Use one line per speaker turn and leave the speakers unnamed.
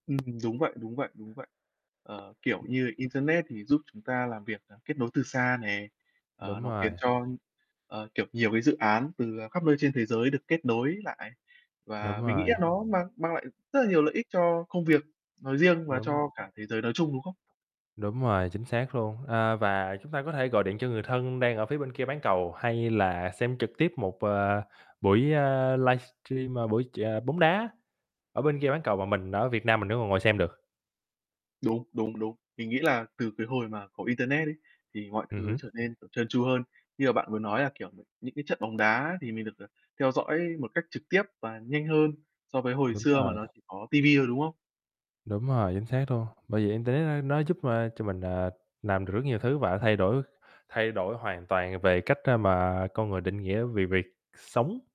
Ừm, đúng vậy, đúng vậy, đúng vậy. Ờ, kiểu như Internet thì giúp chúng ta làm việc, à, kết nối từ xa này, ờ,
Đúng
nó
rồi.
khiến cho, ờ, kiểu, nhiều cái dự án từ, à, khắp nơi trên thế giới được kết nối lại. Và
Đúng
mình nghĩ
rồi.
là nó mang mang lại rất là nhiều lợi ích cho công việc nói riêng và
Đúng.
cho cả thế giới nói chung, đúng không?
Đúng rồi, chính xác luôn. A, và chúng ta có thể gọi điện cho người thân đang ở phía bên kia bán cầu, hay là xem trực tiếp một, ờ, buổi, ơ, livestream, ờ, buổi chờ bóng đá ở bên kia bán cầu và mình ở Việt Nam mình vẫn còn ngồi xem được.
Đúng, đúng, đúng. Mình nghĩ là từ cái hồi mà có Internet ấy, thì mọi
Ừm
thứ
hứm.
trở nên, kiểu, trơn tru hơn, như mà bạn vừa nói là, kiểu, những cái trận bóng đá thì mình được, à, theo dõi một cách trực tiếp và nhanh hơn so với hồi
Đúng
xưa mà
rồi.
nó chỉ có TV thôi, đúng không?
Đúng rồi, chính xác luôn. Bởi vậy Internet, a, nó giúp, a, cho mình, à, làm được rất nhiều thứ và thay đổi thay đổi hoàn toàn về cách, a, mà con người định nghĩa về việc sống.